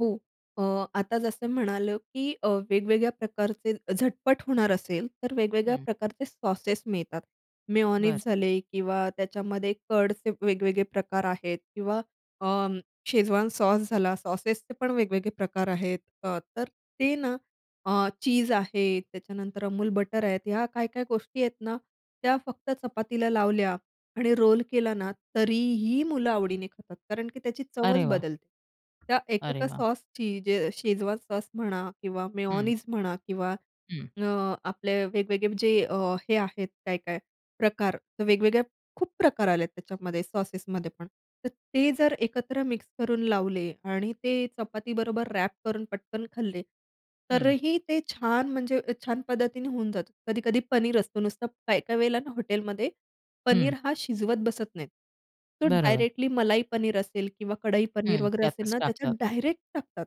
हो, अ, आता जसं म्हणालं, की अ, वेगवेगळ्या प्रकारचे झटपट होणार असेल, तर वेगवेगळ्या हं. प्रकारचे सॉसेस मिळतात. मेयोनीज बरं. झाले किंवा त्याच्यामध्ये कर्डचे वेगवेगळे प्रकार आहेत किंवा अं, शेजवान सॉस झाला. सॉसेसचे पण वेगवेगळे प्रकार आहेत. त तर ते ना अ, चीझ आहे, त्याच्यानंतर Amul बटर आहेत. ह्या काय-काय गोष्टी आहेत ना, त्या फक्त चपातीला लावल्या आणि रोल केला ना, तरीही मुलं आवडीने खातात, कारण की त्याची अरे चवच वाह! बदलते. त्या 1-1 अरे अ, वाह! सॉसची जे अ, शेजवान सॉस म्हणा किंवा हं. मेयोनीज म्हणा किंवा हं. अ, आपले वेगवेगळे जे अ, हे आहेत काय-काय प्रकार. तर वेगवेगळ्या खूप प्रकार आलेत त्याच्यामध्ये सॉसेसमध्ये पण. तर ते जर एकत्र मिक्स करून लावले आणि ते चपातीबरोबर व्रॅप करून पटकन खाल्ले, हं. तरीही ते छान, म्हणजे अ, छान पद्धतीने होऊन जातं. कधी-कधी पनीर असतो. नुसतं काही-काही वेळेला ना, हॉटेलमध्ये हं. पनीर हा शिजवत बसत नाही. तो बरोबर. डायरेक्टली मलाई पनीर असेल, किंवा कढई पनीर हं, वगैरे असेल त्यातच ना, टाकतात. त्याच्यात डायरेक्ट टाकतात.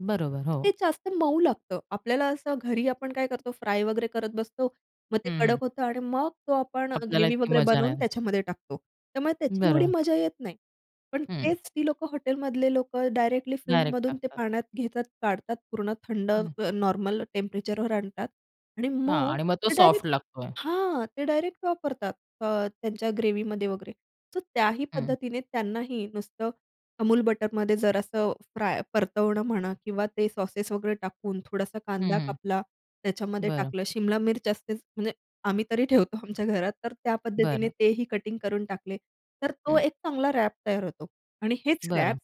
बरोबर, हो. ते जास्त मऊ लागतं. आपल्याला असं घरी आपण काय करतो, फ्राय वगैरे करत बसतो, मग ते हं, हं. कडक होतं आणि मग तो आपण अ, आपल्याला ग्रेव्ही इतकी वगैरे मजा बनवून नाही. त्याच्यामध्ये टाकतो. त्यामुळे त्याची एवढी बरोबर. मजा येत नाही. पण हं. तेच ती लोकं हॉटेलमधले लोकं, डायरेक्टली डायरेक्ट फ्रिजमधून ते टाकतात. पाण्यात घेतात, काढतात पूर्ण थंड हं. अ, नॉर्मल टेम्परेचरवर आणतात आणि हां मग आणि मग तो ते सॉफ्ट डायरेक्ट लागतोय. हां, ते डायरेक्ट वापरतात अ, त्यांच्या ग्रेव्हीमध्ये वगैरे. तर त्याही हं. पद्धतीने त्यांनाही नुसतं Amul बटरमध्ये जरासं असं फ्राय, परतवणं म्हणा, किंवा ते सॉसेस वगैरे टाकून, थोडासा हं, कांदा हं. कापला त्याच्यामध्ये बरं. टाकलं. शिमला मिर्च असतेच, म्हणजे आम्ही तरी ठेवतो आमच्या घरात तर त्या पद्धतीने बरं. तेही कटिंग करून टाकले. तर तो हं. एक चांगला व्रॅप तयार होतो आणि हेच व्रॅप बरं.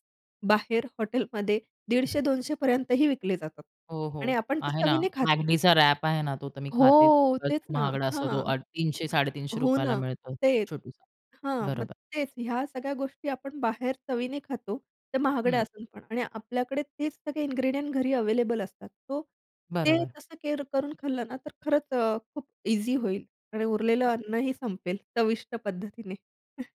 बाहेर हॉटेलमध्ये 150-200 पर्यंतही विकले जातात हो, आणि हो आपण ते आहे ना. चवीने खातो. McDचा व्रॅप आहे ना, तो तर मी खाते, हो, खूपच तेच ना, महागडा हां, असतो तो. अ, हां. तीनशे साडेतीनशे हो रुपया ला ना, मिळतो, तेच, छोटू सा. हां, मग बरोबर. तेच ह्या सगळ्या गोष्टी आपण बाहेर चवीने खातो, तर महागड्या हं. असतात म्हणा आणि आपल्याकडे तेच सगळे इंग्रेडिएंट्स घरी अव्हेलेबल असतात. तो ते बरोबर. तसं केअर करून खाल्लं ना, तर खरंच अ, खूप ईझी होईल आणि उरलेलं अन्नही संपेल चविष्ट पद्धतीने.